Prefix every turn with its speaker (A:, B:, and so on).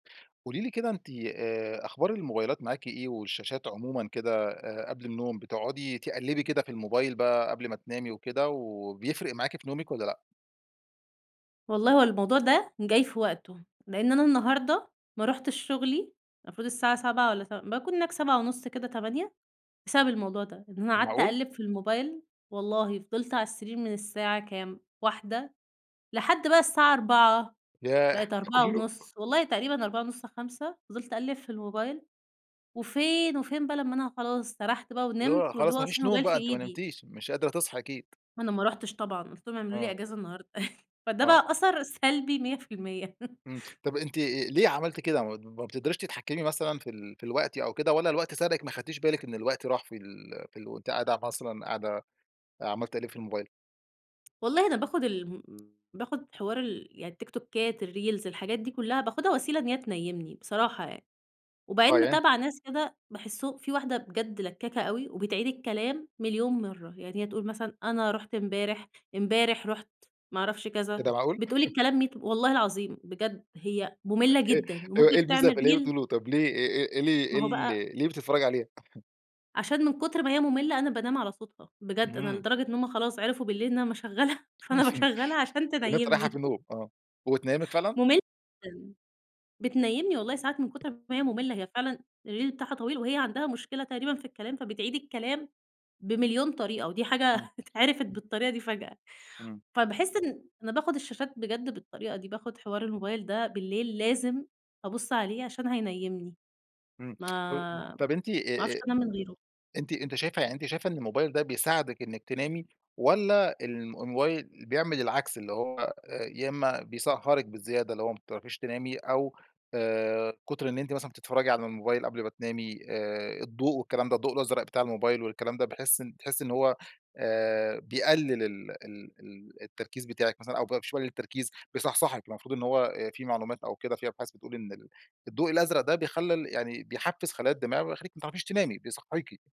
A: قولي لي كده أنتِ آآ أخبار الموبايلات معاكِ إيه والشاشات عمومًا كده، آآ، قبل النوم بتقعدي تقلبي كده في الموبايل بقى قبل ما تنامي وكده، وبيفرق معاكِ في نومِك والّا لأ؟
B: والله هو الموضوع ده جاي في وقته، لأن أنا النهاردة ما رُحتش شغلي المفروض الساعة 7:00 والّا ت باكون هناك 7:30 كده، 8:00 بسبب الموضوع ده، إن أنا قعدت
A: معقول؟!
B: أقلّب في الموبايل، والله فضلت علي السرير من الساعة كام؟ 1:00، لحد بقى الساعة 4:00
A: ياه!
B: بقِت أربعة
A: كله؟
B: ونص والله تقريبًا 4:30 5:00 فضلت أقلّب في الموبايل، وفين وفين بقى لمّا أنا خلاص سرحت بقى
A: اللي هو
B: ونمت واللي هو
A: خلاص ما
B: أصلًا
A: فيش نوم
B: الموبايل في
A: بقى أنتِ ما
B: إيدي.
A: نمتيش مش قادرة تصحي أكيد.
B: ما أنا ما رُحتش طبعًا، قُلت لهم اعملوا لي
A: آه.
B: أجازة النهاردة فده بقى
A: آه.
B: أثر سلبي 100%
A: إمم، طب أنتِ ليه عملتِ كده ما بتقدريش تتحكمي مثلًا في ال في الوقت أو كده والّا الوقت سَرَقِك ما اخدتيش بالِك إن الوقت راح في ال في ال وأنتِ قاعدة مثلًا قاعدة عمّالة تقلبي في الموبايل؟
B: والله أنا باخُد ال باخُد حوار ال يعني التيكتوكات الreels الحاجات دي كلها باخُدها وسيلة إن هي تنيمني بصراحة يعني،
A: آه
B: وبعدين
A: ي
B: متابعة ناس كده باحسه في واحدة بجد لكاكة أوي وبتعيد الكلام مليون مرة، يعني هي تقول مثلًا أنا رُحت امبارح، امبارح رُحت ما اعرفش
A: إيه
B: كذا،
A: ده معقول؟!
B: بتقول الكلام ميت والله العظيم بجد هي مُملّة
A: إيه
B: جدًا،
A: إيه
B: وممكن
A: الميزة
B: تعمل
A: في اللي هي
B: reel
A: بتقوله طب ليه إيه إيه إيه ال إيه
B: ما هو بقى
A: ال ليه بتتفرجي عليها؟
B: عشان من كتر ما هي مُملّة، أنا بانام على صوتها، بجد أنا
A: إمم.
B: لدرجة إن هم خلاص عرفوا بالليل إن امّا اشغلها فأنا باشغلها عشان
A: إن أنتِ رايحة في
B: تنيمني.
A: النوم آه، وبتنيمِك فعلًا؟
B: مُملّة جدًا. بتنيمني والله ساعات من كُتر ما هي مُملّة، هي فعلًا الreel بتاعها طويل، وهي عندها مشكلة تقريبًا في الكلام، فبتعيد الكلام بمليون طريقة ودي
A: إمم.
B: حاجة اتعرفت بالطريقة دي فجأة
A: إمم.
B: فباحس إن أنا باخد الشاشات بجد بالطريقة دي، باخد حوار الموبايل ده بالليل لازم أبص عليه عشان هينيمني.
A: امم،
B: ما
A: طب أنتِ
B: ما
A: أ
B: اعرفش
A: أ
B: انام من غيره.
A: أنتِ أنتِ شايفة يعني أنتِ شايفة إن الموبايل ده بيساعدِك إنك تنامي، والّا ال الموبايل بيعمل العكس، اللي هو يا إمّا بيسهرِك بزيادة اللي هو ما بتعرفيش تنامي أو آآ، كُتر إن أنتِ مثلًا بتتفرجي على الموبايل قبل ما تنامي آآ الضوء والكلام ده الضوء الأزرق بتاع الموبايل والكلام ده، باحس بتحسِي إن هو آآ بيقلل ال ال ال التركيز بتاعِك مثلًا أو مش بيقلل التركيز، بيصحصحِك؟ المفروض إن هو آآ في معلومات أو كده في أبحاث بتقول إن ال الضوء الأزرق ده بيخلّي ال يعني بيحفّز خلايا الدماغ ويخليكِ ما تعرفيش تنامي، بيصحيكِ.